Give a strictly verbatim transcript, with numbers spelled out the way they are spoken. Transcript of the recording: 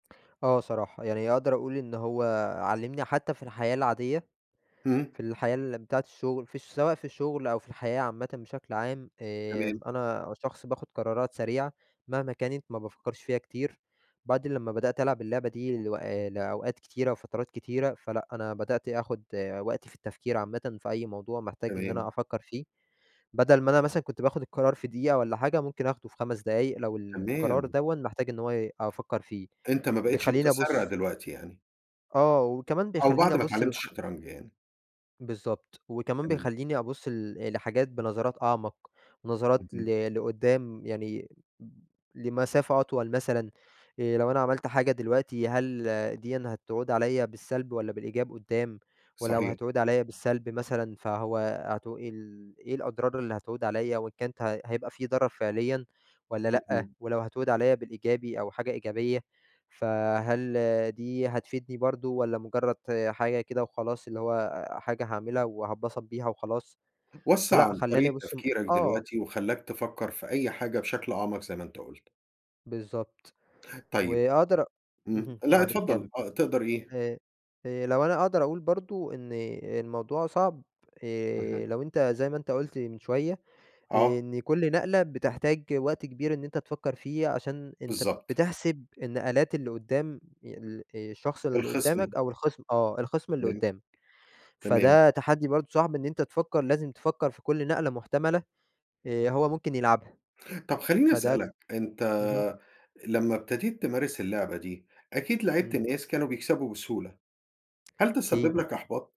آه، صراحة. يعني أقدر اقول إن هو علّمني حتى في الحياة العادية، اهم. في الحياة الم بتاعة الشغل، في ش سواء في الشغل أو في الحياة عامةّ بشكل عام، آمم، تمام. أنا شخص باخد قرارات سريعة، مهما كانت ما بافكرش فيها كتير، بعد لمّا بدأت ألعب اللعبة دي لو آآ، لأوقات كتيرة وفترات كتيرة فلأ، أنا بدأت آخُد وقتي في التفكير عامةً في أي موضوع محتاج إن أنا تمام. أفكّر فيه، بدل ما أنا مثلًا كنت باخد القرار في دقيقة والّا حاجة، ممكن أخده في خمس دقايق لو القرار تمام. دَوًّا محتاج إن هو ي أفكّر فيه. أنت ما بقيتش بيخلّيني متسرّع أبُص دلوقتي يعني؟ آه، وكمان أو بيخلّيني بعد ما أبُص اتعلمت للح الشطرنج يعني. بالضبط. وكمان تمام. بيخلّيني أبُص ل لحاجات بنظرات أعمق، نظرات اهم. ل لقدّام يعني م لمسافة أطول مثلًا آآ، لو أنا عملت حاجة دلوقتي هل دِيًّا هتعود عليّا بالسّلب والّا بالإيجاب قدّام؟ ولو صحيح. هتعود عليّا بالسّلب مثلًا فهو هتو إيه ال إيه الأضرار اللي هتعود عليّا؟ وإن كانت هي هيبقى في ضرر فعليّا والّا لأ؟ اهم. ولو هتعود عليّا بالإيجابي أو حاجة إيجابية، فهل دي هتفيدني برضه، والّا مجرّد حاجة كده وخلاص اللي هو حاجة هاعملها وهاتبسط بيها وخلاص؟ وسع فلأ، عن خلّاني طريقة ابُص م تفكيرك آه. دلوقتي وخلاّك تفكّر في أي حاجة بشكل أعمق زي ما أنت قُلت. بالضبط طيب. وأقدر أ إمم، اهم، لأ، معلش كمّل. اتفضل آه، تقدر إيه؟ ه هي لو أنا أقدر اقول برضه إن الموضوع صعب اهم. آآ، لو أنت زي ما أنت قُلت من شوية، آه. إن كل نقلة بتحتاج وقت كبير إن أنت تفكّر فيه عشان أنت بالضبط. بتحسب النقلات اللي قدّام ي الشخص اللي الخِصْم. قدّامك أو الخِصْم آه، الخِصْم اللي تمام. قدّامك. تمام. فده تحدّي برضه صعب إن أنت تفكّر لازم تفكّر في كل نقلة محتملة آآ، هو ممكن يلعبها، طَب، خلّيني فده ك اسألك أنت اهم. لمّا ابتديت تمارس اللعبة دي، أكيد لعبت إمم. ناس كانوا بيكسبوا بسهولة. هل ده أكيد. سبِّب لك إحباط؟